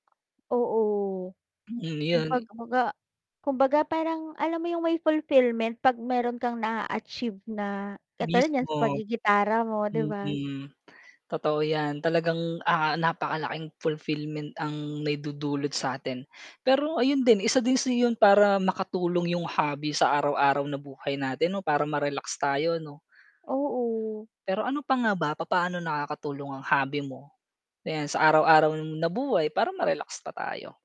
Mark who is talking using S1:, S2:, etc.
S1: Oo,
S2: Mm,
S1: kung
S2: 'yan.
S1: pag kumbaga kumbaga parang alam mo 'yong may fulfillment 'pag mayro'n kang naa-achieve na katulad niyan sa
S2: Mismo.
S1: paggigitara mo, 'di ba?
S2: Mm, totoo 'yan talagang, ah, napakalaking fulfillment ang naidudulot sa 'tin. Pero ayun din isa din sa 'yon para makatulong 'yong hobby sa araw-araw na buhay natin 'no, para ma-relax tayo, 'no?
S1: Oo.
S2: Pero ano pa nga ba, papaano nakakatulong ang hobby mo, na 'yan sa araw-araw na buhay para ma-relax pa tayo?